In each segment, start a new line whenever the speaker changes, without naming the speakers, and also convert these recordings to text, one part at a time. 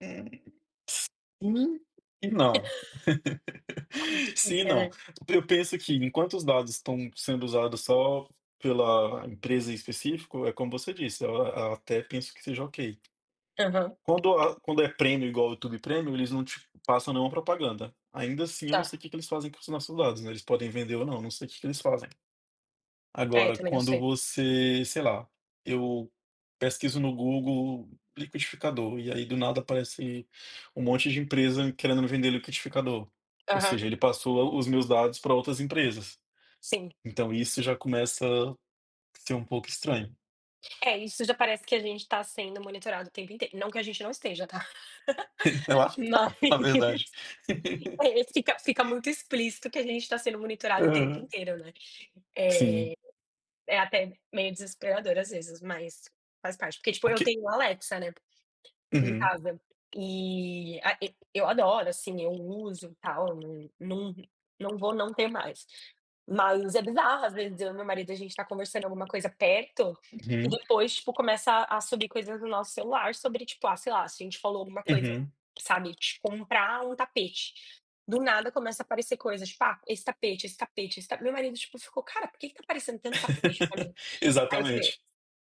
S não, não.
É muito
Sim e
difícil,
não.
né.
Eu penso que, enquanto os dados estão sendo usados só pela empresa em específico, é como você disse. Eu até penso que seja ok.
Aham
Quando a quando é Premium igual ao YouTube Premium, eles não te passam nenhuma propaganda. Ainda assim, eu não sei
Tá.
o que que eles fazem com os nossos dados, né? Eles podem vender ou não, não sei o que que eles fazem.
É,
Agora,
também não
quando
sei.
você, sei lá, eu pesquiso no Google “liquidificador” e aí, do nada, aparece um monte de empresa querendo me vender liquidificador. Ou
Aham.
seja, ele passou os meus dados para outras empresas.
Sim.
Então isso já começa a ser um pouco estranho.
É, isso já parece que a gente tá sendo monitorado o tempo inteiro. Não que a gente não esteja, tá?
Eu acho que
Mas
tá na verdade.
É, fica, fica muito explícito que a gente tá sendo monitorado o tempo
Aham,
inteiro, né? É,
sim.
é até meio desesperador às vezes, mas faz parte. Porque, tipo,
O
eu
que
tenho a Alexa, né, em
Uhum.
casa e a e eu adoro, assim. Eu uso e tal. Num, num, não vou não ter mais. Mas é bizarro. Às vezes, eu e meu marido, a gente tá conversando alguma coisa perto e,
Uhum.
depois, tipo, começam a surgir coisas no nosso celular sobre, tipo, ah, sei lá, se a gente falou alguma coisa,
Uhum.
sabe? De comprar um tapete. Do nada, começam a aparecer coisas, tipo: “Ah, esse tapete, esse tapete, esse tapete.” Meu marido ficou: “Cara, por que que tá aparecendo tanto tapete pra mim?”. Aí eu falei:
Exatamente.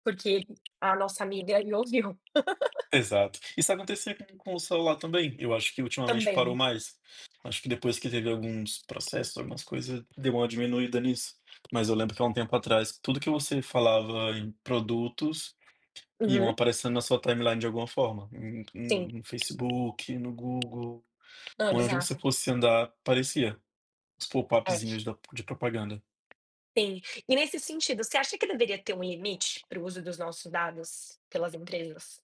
“Porque a nossa amiga me ouviu.”
Exato. Isso acontecia com com o celular também. Eu acho que ultimamente parou
Também.
mais. Acho que, depois que teve alguns processos, algumas coisas, deu uma diminuída nisso. Mas eu lembro que, há um tempo atrás, tudo que você falava em produtos, iam
Uhum.
aparecendo na sua timeline de alguma forma.
Sim.
No, no Facebook, no Google,
Hã,
onde você
bizarro.
fosse andar, apareciam os
[unintelligible]
popupzinhos da de propaganda.
Sim. E, nesse sentido, você acha que deveria ter um limite para o uso dos nossos dados pelas empresas?